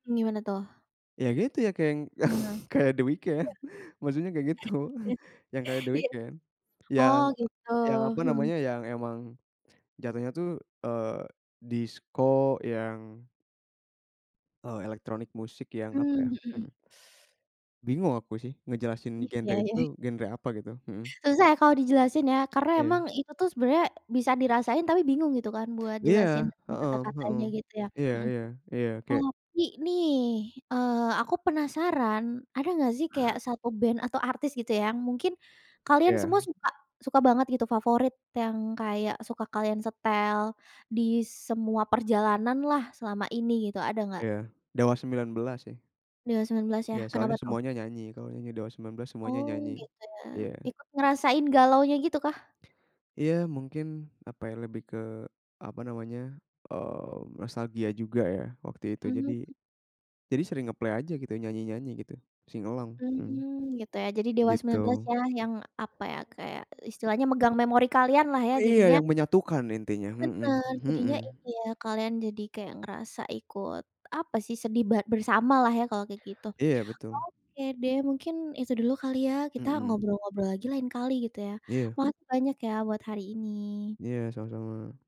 Gimana tuh? Ya, gitu ya keng yang Iya, kayak The Weekend. Maksudnya kayak gitu. iya. Yang kayak The Iya. Weekend. Oh, Yang gitu? yang apa Hmm. namanya, yang emang jatohnya tuh, eee, disko yang eee, elektronik musik yang apa ya, Mmm, hmm. hmm, bingung aku sih ngejelasin Iya, genre ya itu ya. tuh, genre apa gitu, hmm. Susah ya kalau dijelasin ya. Karena Iya. emang itu tuh sebenarnya bisa dirasain tapi bingung gitu kan buat Iya, jelasin dengan heeh, hmm. kata-katanya gitu ya? Iya Hmm. iya. Iya, kayak Tapi nih, eee, aku penasaran, ada nggak sih kayak 1 band atau artis gitu ya, yang mungkin kalian Iya. semua suka suka banget gitu favorit. Yang kayak suka kalian setel di semua perjalananlah selama ini gitu, ada nggak? Iya. Dewa 19 sih. Dewa 19 ya? Ya, Kenapa soalnya tuh? semuanya nyanyi. Kalau nyanyi Dewa 19, semuanya Oh, nyanyi. gitu ya. Iya. Ikut ngerasain galaunya gitukah? Iya, mungkin apa ya lebih ke apa namanya, eee, nostalgia juga ya waktu itu. Jadi Mhm. jadi sering nge-play aja gitu, nyanyi-nyanyi gitu. Sing along, hmm. Mmm, gitu ya? Jadi Dewa Gitu. 19 yah yang apa ya, kayak istilahnya megang memori kalianlah ya jadinya Iya, yang menyatukan intinya, hmm Bener. Jadinya ini hmm. ya kalian jadi kayak ngerasa ikut apa sih, sedih bar bersamalah ya kalau kayak gitu. Iya, betul. Oke deh, mungkin itu dulu kali ya kita Mmm. ngobrol-ngobrol lagi lain kali gitu ya? Iya. Makasih banyak ya buat hari ini. Iya, sama-sama.